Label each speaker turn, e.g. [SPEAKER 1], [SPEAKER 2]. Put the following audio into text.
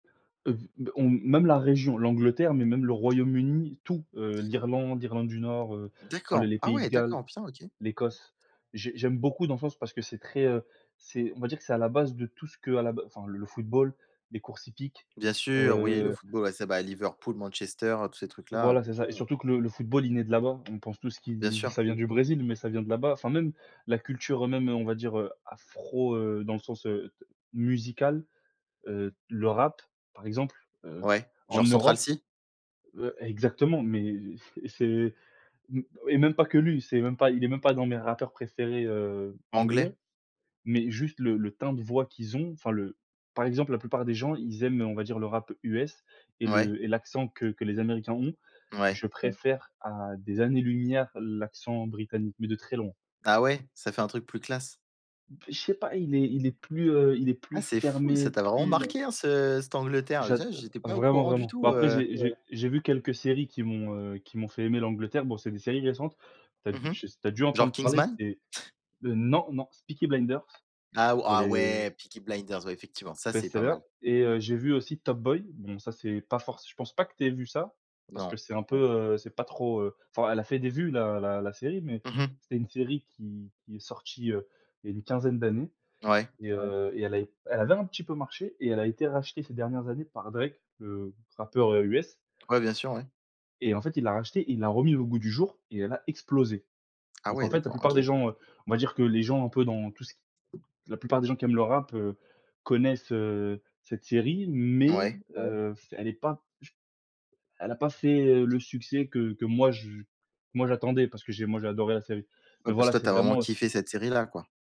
[SPEAKER 1] Heu, b on même la région, l'Angleterre, mais même le Royaume-Uni, tout, heu, l'Irlande l'Irlande du Nord, heu, enfin le
[SPEAKER 2] D'accord.
[SPEAKER 1] les
[SPEAKER 2] Ah
[SPEAKER 1] pays de
[SPEAKER 2] ouais,
[SPEAKER 1] Galles,
[SPEAKER 2] d'accord, putain, OK.
[SPEAKER 1] l'Écosse. J'ai j'aime beaucoup dans ce sens parce que c'est très, heu, c'est, on va dire que c'est à la base de tout ce que à la b enfin le football, les courses hippiques,
[SPEAKER 2] Bien sûr, oui, le
[SPEAKER 1] heu
[SPEAKER 2] football ouais bah c'est Liverpool, Manchester, heu, tous ces trucs là, heu
[SPEAKER 1] Voilà, c'est ça et surtout que le le football, il né de là-bas. On pense tout ce
[SPEAKER 2] Bien
[SPEAKER 1] qui
[SPEAKER 2] sûr.
[SPEAKER 1] ça vient du Brésil, mais ça vient de là-bas, enfin même la culture même, heu, on va dire, heu, afro, heu, dans le sens, heu, d musical, heu, le rap, par exemple, heu,
[SPEAKER 2] Ouais,
[SPEAKER 1] en
[SPEAKER 2] genre Central
[SPEAKER 1] Europe,
[SPEAKER 2] Cee?
[SPEAKER 1] heu, exactement, mais pff, c'est m et même pas que lui, c'est même pas, il est même pas dans mes rappeurs préférés, heu, anglais,
[SPEAKER 2] Anglais.
[SPEAKER 1] mais juste le le teint de voix qu'ils ont enfin le, par exemple, la plupart des gens, ils aiment, heu, on va dire le rap US et
[SPEAKER 2] Ouais.
[SPEAKER 1] le et l'accent que que les Américains ont,
[SPEAKER 2] Ouais.
[SPEAKER 1] je préfère à des années-lumière l'accent britannique, mais de très loin.
[SPEAKER 2] Ah ouais, ça fait un truc plus classe?
[SPEAKER 1] B je sais pas, il est il est plus, heu, il est plus
[SPEAKER 2] Ah c'est fou,
[SPEAKER 1] fermé,
[SPEAKER 2] ça t'a vraiment
[SPEAKER 1] plus
[SPEAKER 2] marqué, hein, ce cette Angleterre,
[SPEAKER 1] J'ad
[SPEAKER 2] [unintelligible]
[SPEAKER 1] heu,
[SPEAKER 2] j'étais pas au
[SPEAKER 1] vraiment
[SPEAKER 2] courant du
[SPEAKER 1] vraiment. Bon
[SPEAKER 2] tout,
[SPEAKER 1] après
[SPEAKER 2] heu
[SPEAKER 1] j'ai j'ai j'ai vu quelques séries qui m'ont, heu, qui m'ont fait aimer l'Angleterre, bon, c'est des séries récentes. Tu as
[SPEAKER 2] Mmh mh.
[SPEAKER 1] je s tu as dû
[SPEAKER 2] Genre
[SPEAKER 1] entendre parler,
[SPEAKER 2] Kingsman?
[SPEAKER 1] c'est, heu, non non c'est Peaky Blinders,
[SPEAKER 2] Ah ou
[SPEAKER 1] pour
[SPEAKER 2] ah
[SPEAKER 1] les, heu
[SPEAKER 2] ouais, Peaky Blinders ouais effectivement, ça c'est pas
[SPEAKER 1] bestseller
[SPEAKER 2] mal.
[SPEAKER 1] et heu, j'ai vu aussi Top Boy bon ça, c'est pas forc je pense pas que t'aies vu ça parce que
[SPEAKER 2] Non.
[SPEAKER 1] c'est un peu, heu, c'est pas trop, heu, enfin elle a fait des vues la la la série, mais
[SPEAKER 2] Mmh mh.
[SPEAKER 1] c'était une série qui qui est sortie, heu, il y a une quinzaine d'années
[SPEAKER 2] Ouais.
[SPEAKER 1] et heu, et elle a, elle avait un petit peu marché et elle a été rachetée ces dernières années par Drake, le rappeur, heu, US
[SPEAKER 2] Ouais, bien sûr, ouais.
[SPEAKER 1] et en fait, il l'a racheté, il l'a remis au goût du jour et elle a explosé,
[SPEAKER 2] Ah
[SPEAKER 1] donc
[SPEAKER 2] ouais
[SPEAKER 1] en fait, la
[SPEAKER 2] d'accord,
[SPEAKER 1] plupart des
[SPEAKER 2] OK.
[SPEAKER 1] gens, heu, on va dire que les gens un peu dans tout ce qui, la plupart des gens qui aiment le rap, heu, connaissent, heu, cette série, mais
[SPEAKER 2] Ouais.
[SPEAKER 1] heu, pff elle est pas ch elle a pas fait, heu, le succès que que moi je moi j'attendais parce que j'ai moi j'ai adoré la série, mais
[SPEAKER 2] Ouais parce
[SPEAKER 1] voilà,
[SPEAKER 2] que toi
[SPEAKER 1] c'est
[SPEAKER 2] tu as vraiment
[SPEAKER 1] vraiment, heu
[SPEAKER 2] kiffé cette série là, quoi.